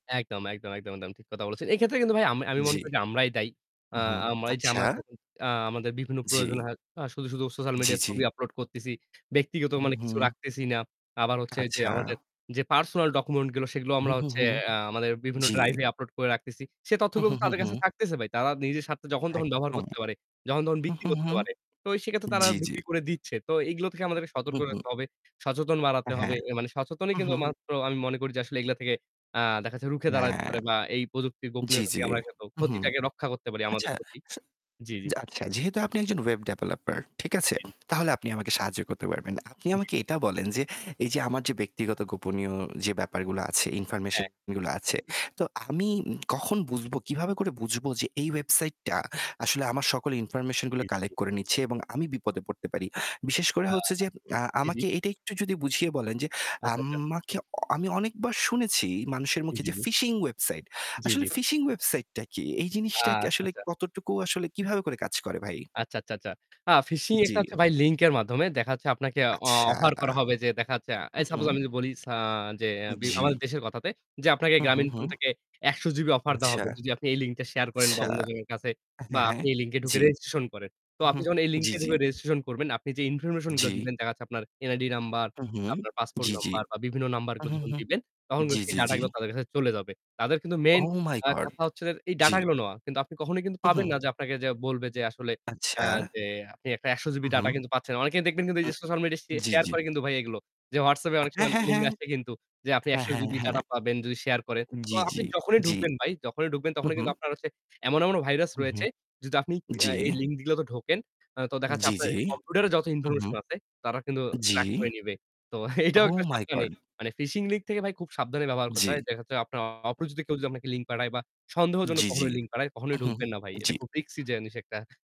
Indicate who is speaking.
Speaker 1: একদম, একদম, একদম, একদম ঠিক কথা বলেছেন। এক্ষেত্রে কিন্তু ভাই আমি আমি মনে
Speaker 2: জি।
Speaker 1: করি যে আমরাই দায়ী। আ
Speaker 2: হুম।
Speaker 1: আ আমরা এই যে
Speaker 2: আচ্ছা।
Speaker 1: আমরা যেমন আ আমাদের বিভিন্ন প্রয়োজন
Speaker 2: জি।
Speaker 1: হয়, আ শুধু, শুধু social
Speaker 2: জি,
Speaker 1: media ছবি
Speaker 2: জি।
Speaker 1: upload করতেছি। ব্যক্তিগত
Speaker 2: হু,
Speaker 1: মানে কিছু
Speaker 2: হুম।
Speaker 1: রাখতেছি না। আবার হচ্ছে যে
Speaker 2: আচ্ছা।
Speaker 1: আমাদের যে personal document গুলো সেগুলো
Speaker 2: হু,
Speaker 1: আমরা
Speaker 2: হু,
Speaker 1: হচ্ছে
Speaker 2: হু।
Speaker 1: আ আমাদের বিভিন্ন
Speaker 2: জি।
Speaker 1: drive এ upload করে রাখতেছি। সে
Speaker 2: হু,
Speaker 1: তথ্যগুলো
Speaker 2: হু,
Speaker 1: তো
Speaker 2: হু,
Speaker 1: তাদের কাছে
Speaker 2: হু।
Speaker 1: থাকতেছে ভাই। তারা নিজের স্বার্থে যখন তখন ব্যবহার
Speaker 2: একদম।
Speaker 1: করতে পারে, যখন তখন
Speaker 2: হু,
Speaker 1: বিক্রি
Speaker 2: হু,
Speaker 1: করতে
Speaker 2: হু।
Speaker 1: পারে। তো সেইক্ষেত্রে তারা
Speaker 2: জি, জি।
Speaker 1: বিক্রি করে দিচ্ছে। তো এইগুলো থেকে আমাদেরকে
Speaker 2: হু,
Speaker 1: সতর্ক
Speaker 2: হু।
Speaker 1: থাকতে হবে, সচেতন বাড়াতে হবে।
Speaker 2: হ্যাঁ।
Speaker 1: এ মানে সচেতনই
Speaker 2: উ
Speaker 1: কিন্তু
Speaker 2: হু।
Speaker 1: একমাত্র আমি মনে করি যে আসলে এগুলা থেকে আ দেখা যাচ্ছে রুখে দাঁড়াতে
Speaker 2: হ্যাঁ।
Speaker 1: পারে বা এই প্রযুক্তির
Speaker 2: জি,
Speaker 1: গোপনীয়তা
Speaker 2: জি।
Speaker 1: থেকে আমরা কিন্তু
Speaker 2: হু, হুম।
Speaker 1: ক্ষতিটাকে রক্ষা করতে পারি আমাদের
Speaker 2: আচ্ছা।
Speaker 1: ক্ষতি।
Speaker 2: আচ্ছা
Speaker 1: জি, জি।
Speaker 2: জা আচ্ছা যেহেতু আপনি একজন web developer, ঠিক আছে?
Speaker 1: জি।
Speaker 2: তাহলে আপনি আমাকে সাহায্য করতে পারবেন। আপনি
Speaker 1: জি।
Speaker 2: আমাকে এটা বলেন যে এই যে আমার যে ব্যক্তিগত গোপনীয় যে ব্যাপারগুলো আছে,
Speaker 1: হ্যাঁ।
Speaker 2: information যেগুলো আছে, তো আমি কখন বুঝবো, কিভাবে করে বুঝবো যে এই website টা আসলে আমার সকল information
Speaker 1: জি,
Speaker 2: গুলো
Speaker 1: জি, জি।
Speaker 2: collect করে নিচ্ছে এবং আমি বিপদে পড়তে পারি? বিশেষ করে
Speaker 1: আ
Speaker 2: হচ্ছে যে, আ
Speaker 1: জি, জি।
Speaker 2: আমাকে এটা একটু যদি বুঝিয়ে বলেন যে,
Speaker 1: আচ্ছা, আচ্ছা।
Speaker 2: আমাকে অ আমি অনেকবার শুনেছি মানুষের
Speaker 1: জি,
Speaker 2: মুখে
Speaker 1: জি,
Speaker 2: যে
Speaker 1: জি।
Speaker 2: phishing website।
Speaker 1: জি, জি।
Speaker 2: আসলে phishing website টা কি? এই
Speaker 1: আ
Speaker 2: জিনিসটা কি
Speaker 1: আচ্ছা,
Speaker 2: আসলে
Speaker 1: আচ্ছা।
Speaker 2: কতটুকু আসলে কিভাবে করে কাজ করে ভাই?
Speaker 1: আচ্ছা, আচ্ছা, আচ্ছা। আ phishing
Speaker 2: জি।
Speaker 1: একটা হচ্ছে ভাই link এর মাধ্যমে। দেখা যাচ্ছে আপনাকে অ
Speaker 2: আচ্ছা।
Speaker 1: offer করা হবে যে দেখা যাচ্ছে,
Speaker 2: উ
Speaker 1: এই suppose
Speaker 2: হুম।
Speaker 1: আমি যদি বলি সা যে বি
Speaker 2: জি।
Speaker 1: আমাদের দেশের কথাতে যে আপনাকে
Speaker 2: হুম, হুম,
Speaker 1: গ্রামীণফোন
Speaker 2: হুম।
Speaker 1: থেকে ১০০ GB offer দেওয়া
Speaker 2: আচ্ছা।
Speaker 1: হবে যদি আপনি এই linkটা share করেন বা
Speaker 2: আচ্ছা।
Speaker 1: অন্যজনের কাছে বা
Speaker 2: হ্যাঁ, হ্যাঁ।
Speaker 1: আপনি এই link এ ঢুকে
Speaker 2: জি।
Speaker 1: registration করেন। তো
Speaker 2: হু,
Speaker 1: আপনি
Speaker 2: হুম।
Speaker 1: যখন এই link
Speaker 2: জি,
Speaker 1: এ
Speaker 2: জি।
Speaker 1: ঢুকে registration করবেন, আপনি যে information গুলো
Speaker 2: জি।
Speaker 1: দিবেন দেখা যাচ্ছে আপনার NID number,
Speaker 2: উ হুম।
Speaker 1: আপনার passport
Speaker 2: জি, জি।
Speaker 1: number বা বিভিন্ন number গুলো
Speaker 2: হুম,
Speaker 1: যখন
Speaker 2: হুম।
Speaker 1: দিবেন তখন
Speaker 2: জি,
Speaker 1: সেই
Speaker 2: জি,
Speaker 1: data
Speaker 2: জি।
Speaker 1: গুলো তাদের কাছে চলে যাবে। তাদের কিন্তু main
Speaker 2: oh my
Speaker 1: a
Speaker 2: god!
Speaker 1: কথা হচ্ছে এই data
Speaker 2: জি।
Speaker 1: গুলো নেওয়া। কিন্তু আপনি কখনোই কিন্তু পাবেন
Speaker 2: হুম।
Speaker 1: না যে আপনাকে যে বলবে যে আসলে আ
Speaker 2: আচ্ছা।
Speaker 1: যে আপনি একটা ১০০ GB data
Speaker 2: হুম।
Speaker 1: কিন্তু পাচ্ছেন। অনেকেই দেখবেন কিন্তু এই যে social media স
Speaker 2: জি,
Speaker 1: share
Speaker 2: জি।
Speaker 1: করে কিন্তু ভাই এইগুলো। যে WhatsApp এ অনেক
Speaker 2: হ্যাঁ,
Speaker 1: সময়
Speaker 2: হ্যাঁ,
Speaker 1: link
Speaker 2: হ্যাঁ।
Speaker 1: আসে কিন্তু যে আপনি
Speaker 2: হ্যাঁ,
Speaker 1: ১০০
Speaker 2: হ্যাঁ,
Speaker 1: GB data
Speaker 2: হ্যাঁ।
Speaker 1: পাবেন যদি share করেন। তো
Speaker 2: জি,
Speaker 1: আপনি
Speaker 2: জি।
Speaker 1: যখনই
Speaker 2: জি।
Speaker 1: ঢুকবেন ভাই, যখনই ঢুকবেন
Speaker 2: হু,
Speaker 1: তখনই
Speaker 2: হু।
Speaker 1: কিন্তু আপনার হচ্ছে এমন, এমন virus
Speaker 2: হুম,
Speaker 1: রয়েছে
Speaker 2: হুম।
Speaker 1: যদি আপনি আ
Speaker 2: জি।
Speaker 1: এই link গুলোতে ঢোকেন তো দেখা যাচ্ছে
Speaker 2: জি,
Speaker 1: আপনার
Speaker 2: জি।
Speaker 1: কম্পিউটারে যত
Speaker 2: উ হুম।
Speaker 1: information আছে তারা কিন্তু
Speaker 2: জি।
Speaker 1: track করে নিবে। তো এটাও একটা
Speaker 2: oh my
Speaker 1: সাবধানী।
Speaker 2: god!
Speaker 1: মানে phishing link থেকে ভাই খুব সাবধানে ব্যবহার করতে
Speaker 2: জি।
Speaker 1: হয়। দেখা যাচ্ছে আপনার অপরিচিত কেউ যদি আপনাকে link পাঠায় বা সন্দেহজনক
Speaker 2: জি, জি।
Speaker 1: কখনো link পাঠায়
Speaker 2: উ
Speaker 1: কখনোই
Speaker 2: হুম।
Speaker 1: ঢুকবেন না ভাই।
Speaker 2: জি।
Speaker 1: এটা খুব risky জিনিস একটা।